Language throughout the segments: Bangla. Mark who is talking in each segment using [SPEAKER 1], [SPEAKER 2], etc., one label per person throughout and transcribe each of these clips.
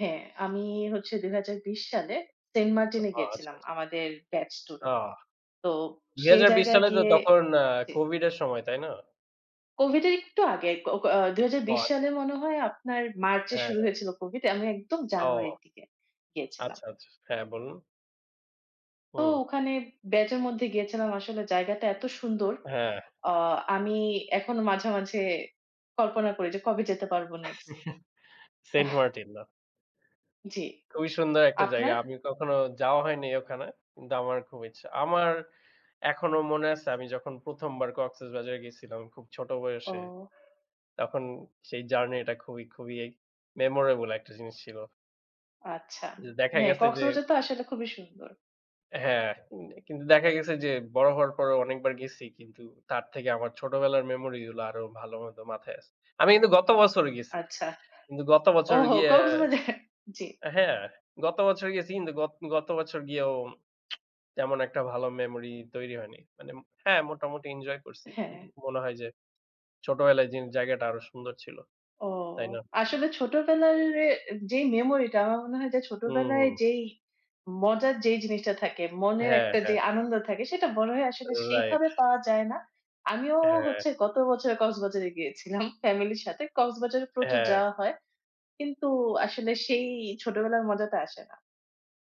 [SPEAKER 1] হ্যাঁ, আমি হচ্ছে ২০২০ সালে সেন্টমার্টিনে
[SPEAKER 2] অহো, আচ্ছা,
[SPEAKER 1] গিয়েছিলাম
[SPEAKER 2] আচ্ছা।
[SPEAKER 1] আমাদের ব্যাচ
[SPEAKER 2] অ
[SPEAKER 1] ট্যুরে। তো
[SPEAKER 2] দুই
[SPEAKER 1] সেই
[SPEAKER 2] হাজার বিশ
[SPEAKER 1] জায়গায়
[SPEAKER 2] সালে তো
[SPEAKER 1] গিয়ে
[SPEAKER 2] তখন আ
[SPEAKER 1] জি।
[SPEAKER 2] COVID এর সময়, তাই না?
[SPEAKER 1] COVID এর একটু আগে, ক ক অ দুই হাজার
[SPEAKER 2] ও,
[SPEAKER 1] বিশ
[SPEAKER 2] আচ্ছা,
[SPEAKER 1] সালে
[SPEAKER 2] আচ্ছা।
[SPEAKER 1] মনে হয় আপনার মার্চ এ
[SPEAKER 2] হ্যাঁ,
[SPEAKER 1] শুরু
[SPEAKER 2] হ্যাঁ।
[SPEAKER 1] হয়েছিল COVID। আমি একদম জানুয়ারির
[SPEAKER 2] ও।
[SPEAKER 1] দিকে গিয়েছিলাম।
[SPEAKER 2] আচ্ছা, আচ্ছা। হ্যাঁ, বলুন।
[SPEAKER 1] তো
[SPEAKER 2] হম।
[SPEAKER 1] ওখানে ব্যাচের মধ্যে গেছিলাম। আসলে জায়গাটা এত সুন্দর,
[SPEAKER 2] হ্যাঁ।
[SPEAKER 1] অ আমি এখনও মাঝে, মাঝে কল্পনা করি যে কবে যেতে পারব নেক্সট।
[SPEAKER 2] সেন্ট
[SPEAKER 1] অহ্।
[SPEAKER 2] মার্টিন, বাহ!
[SPEAKER 1] জি,
[SPEAKER 2] খুবই সুন্দর একটা জায়গা।
[SPEAKER 1] আপনার?
[SPEAKER 2] আমি কখনো যাওয়া হয় নাই ওখানে, কিন্তু আমার খুব ইচ্ছা। আমার এখনও মনে আছে আমি যখন ১ম বার কক্সেসবাজার গেছিলাম খুব ছোট বয়সে,
[SPEAKER 1] ওহ।
[SPEAKER 2] তখন সেই জার্নিটা খুবই, খুবই এই মেমোরাবল একটা জিনিস ছিল।
[SPEAKER 1] আচ্ছা।
[SPEAKER 2] জি, দেখা
[SPEAKER 1] হ্যাঁ,
[SPEAKER 2] গেছে যে
[SPEAKER 1] কক্সবাজার তো আসলে খুবই সুন্দর।
[SPEAKER 2] হ্যাঁ, উম কিন্তু দেখা গেছে যে বড় হওয়ার পরও অনেকবার গেছি কিন্তু তার থেকে আমার ছোটবেলার মেমোরিগুলো আরও ভালো মতো মাথায় আছে। আমি কিন্তু গত বছরও গেছি।
[SPEAKER 1] আচ্ছা।
[SPEAKER 2] কিন্তু গত বছর
[SPEAKER 1] ওহো
[SPEAKER 2] গিয়ে,
[SPEAKER 1] কক্সবাজার জি।
[SPEAKER 2] আ হ্যাঁ, গত বছর গেছি কিন্তু গত, গত বছর গিয়েও তেমন একটা ভালো মেমোরি তৈরি হয়নি। মানে, হ্যাঁ, মোটামুটিি ইনজয় করছি। কিন্তু
[SPEAKER 1] হ্যাঁ।
[SPEAKER 2] মনে হয় যে ছোটবেলায় যেন জায়গাটা আরও সুন্দর ছিল।
[SPEAKER 1] ও,
[SPEAKER 2] তাই না?
[SPEAKER 1] আসলে ছোটবেলার এ যেই মেমোরিটা আমার মনে হয় যে
[SPEAKER 2] হুম,
[SPEAKER 1] ছোটবেলায়
[SPEAKER 2] হম।
[SPEAKER 1] যেই মজার যেই জিনিসটা থাকে, মনের
[SPEAKER 2] হ্যাঁ,
[SPEAKER 1] একটা যে
[SPEAKER 2] হ্যাঁ।
[SPEAKER 1] আনন্দ থাকে সেটা মনে হয় আসলে
[SPEAKER 2] রাইট।
[SPEAKER 1] সেইভাবে পাওয়া যায় না। আমিও
[SPEAKER 2] হ্যাঁ।
[SPEAKER 1] হচ্ছে গত বছর কক্সবাজারে গিয়েছিলাম ফ্যামিলির সাথে। কক্সবাজারে প্রচুর
[SPEAKER 2] হ্যাঁ।
[SPEAKER 1] যাওয়া হয় কিন্তু আসলে সেই ছোটবেলার মজাটা আসে না,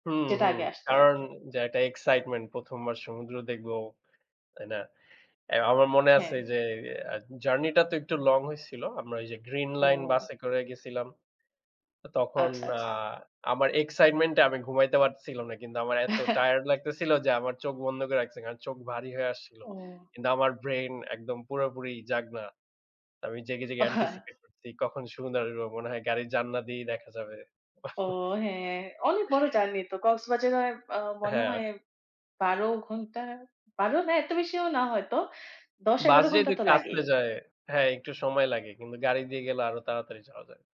[SPEAKER 2] হুম,
[SPEAKER 1] যেটা
[SPEAKER 2] হুম।
[SPEAKER 1] আগে আসতো
[SPEAKER 2] কারণ
[SPEAKER 1] আরকি।
[SPEAKER 2] যা এক্সাইটমেন্ট ১ম বার সমুদ্র দেখবো, তাই না? এ আমার মনে
[SPEAKER 1] হ্যাঁ।
[SPEAKER 2] আছে যে, আ জার্নিটা তো একটু লং হইছিল। আমরা এই যে গ্রীন লাইন
[SPEAKER 1] ওহ।
[SPEAKER 2] বাসে করে গেছিলাম। তো তখন
[SPEAKER 1] আচ্ছা,
[SPEAKER 2] আ
[SPEAKER 1] আচ্ছা।
[SPEAKER 2] আমার এক্সাইটমেন্ট এ আমি ঘুমাইতে পারতেছিলাম না। কিন্তু আমার এত টায়ার্ড লাগতেছিল যে আমার চোখ বন্ধ করে রাখসি। কারণ চোখ ভারী হয়ে আসছিল।
[SPEAKER 1] ও।
[SPEAKER 2] কিন্তু আমার ব্রেইন একদম পুরোপুরি জাগনা। আমি জেগে, জেগে
[SPEAKER 1] ও, হ্যাঁ।
[SPEAKER 2] এন্টিসিপেট করছি কখন সমুদ্র আসবো। মনে হয় গাড়ির জানলা দিয়েই দেখা যাবে।
[SPEAKER 1] ও, হ্যাঁ, অনেক বড় জার্নি তো। কক্সবাজারে আর আ মনে
[SPEAKER 2] হ্যাঁ।
[SPEAKER 1] হয় ১২ ঘণ্টা, ১২ না এত বেশিও না হয়তো।
[SPEAKER 2] বাস
[SPEAKER 1] ১০-১১ ঘণ্টা
[SPEAKER 2] যেহেতু
[SPEAKER 1] তো
[SPEAKER 2] একটু
[SPEAKER 1] লাগেই।
[SPEAKER 2] আস্তে যায়, হ্যাঁ, একটু সময় লাগে। কিন্তু গাড়ি দিয়ে গেলে আরও তাড়াতাড়ি যাওয়া যায়।